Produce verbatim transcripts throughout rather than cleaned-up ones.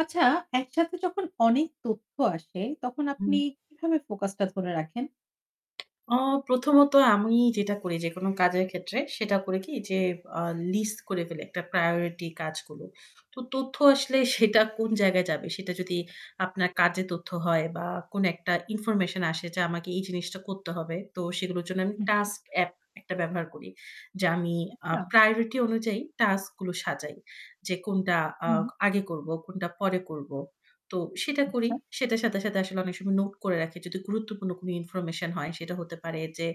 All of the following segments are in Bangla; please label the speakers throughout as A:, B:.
A: আচ্ছা একসাথে যখন অনেক তথ্য আসে, তখন আপনি
B: হুম।
A: কিভাবে ফোকাসটা ধরে রাখেন?
B: অ প্রথমত আমি যেটা করি যেকোনো কাজের ক্ষেত্রে সেটা করে কি যে অ্যাঁ লিস্ট করে ফেলে একটা প্রায়োরিটি কাজগুলো। তো তথ্য আসলে সেটা কোন জায়গায় যাবে, সেটা যদি আপনার কাজে তথ্য হয় বা কোন একটা ইনফরমেশন আসে যা আমাকে এই জিনিসটা করতে হবে। তো সেগুলোর জন্য আমি
A: হুম, হু।
B: টাস্ক এ্যাপ একটা ব্যবহার করি। যে আমি অ্যাঁ
A: আচ্ছা।
B: প্রায়োরিটি অনুযায়ী টাস্কগুলো সাজাই। যে কোনটা
A: হুম।
B: অ্যাঁ আগে করব, কোনটা পরে করব। তো সেটা করি।
A: আচ্ছা।
B: সেটার সাথে সাথে আসলে অনেক সময় নোট করে রাখি যদি গুরুত্বপূর্ণ কোন ইনফরমেশন হয় সেটা হতে পারে যে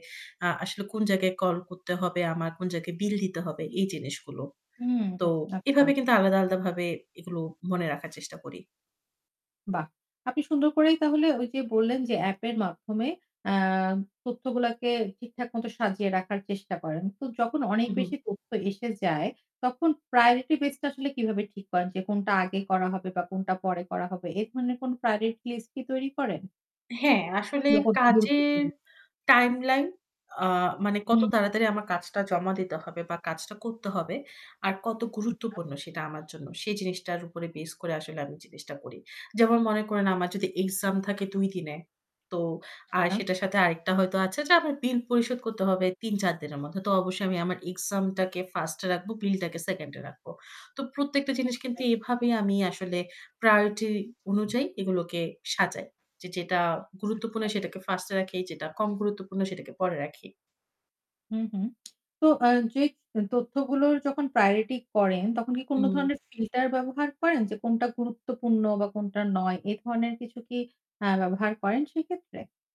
B: অ্যাঁ আসলে কোন জায়গায় কল করতে হবে আমার, কোন জায়গায় বিল দিতে হবে এই জিনিসগুলো।
A: হুম,
B: তো
A: হু। আচ্ছা।
B: এভাবে কিন্তু আলাদা আলাদাভাবে এগুলো মনে রাখার চেষ্টা করি।
A: বাহ! আপনি সুন্দর করেই তাহলে ওই যে বললেন যে অ্যাপের মাধ্যমে অ্যাঁ তথ্যগুলাকে ঠিকঠাক মতো সাজিয়ে রাখার চেষ্টা করেন। তো যখন অনেক
B: হু,
A: বেশি
B: হুম।
A: তথ্য এসে যায়, তখন প্রায়োরিটি বেজ টা আসলে কিভাবে ঠিক করেন যে কোনটা আগে করা হবে বা কোনটা পরে করা হবে? এ ধরনের কোন প্রায়োরিটি লিস্ট কি তৈরি করেন?
B: হ্যাঁ, আসলে
A: ব্যাপারটা
B: কাজের
A: গুরুত্বপূর্ণ।
B: টাইমলাইন আ মানে কত
A: হুম, হু।
B: তাড়াতাড়ি আমার কাজটা জমা দিতে হবে? বা কাজটা করতে হবে আর কত
A: আচ্ছা।
B: গুরুত্বপূর্ণ সেটা আমার জন্য? সেই জিনিসটার উপর বেস করে আসলে আমি জিনিসটা করি। যেমন মনে করেন আমার যদি এক্সাম থাকে দুই দিনে, তো আর
A: আচ্ছা।
B: সেটার সাথে আরেকটা হয়তো আছে যা আমি বিল পরিশোধ করতে হবে তিন-চার দিনের মধ্যে। তো অবশ্যই আমি আমার এক্সামটাকে ফার্স্ট-এ রাখবো, বিলটাকে সেকেন্ড-এ রাখবো। তো প্রত্যেকটা জিনিস কিন্তু
A: অবশ্যই।
B: এভাবে আমি আসলে প্রায়োরিটি অনুযায়ী এগুলোকে সাজাই। যে যেটা গুরুত্বপূর্ণ
A: আচ্ছা।
B: সেটাকে ফার্স্ট-এ রাখি, যেটা কম গুরুত্বপূর্ণ সেটাকে পরে রাখি।
A: হুম, হুম। তো অ্যাঁ যে এ তথ্যগুলোর যখন প্রায়োরিটি করেন, তখন কি কোন
B: হুম।
A: ধরনের ফিল্টার ব্যবহার করেন? যে কোনটা গুরুত্বপূর্ণ বা কোনটা নয়, এ ধরনের কিছু কি অ্যাঁ ব্যবহার করেন সেক্ষেত্রে?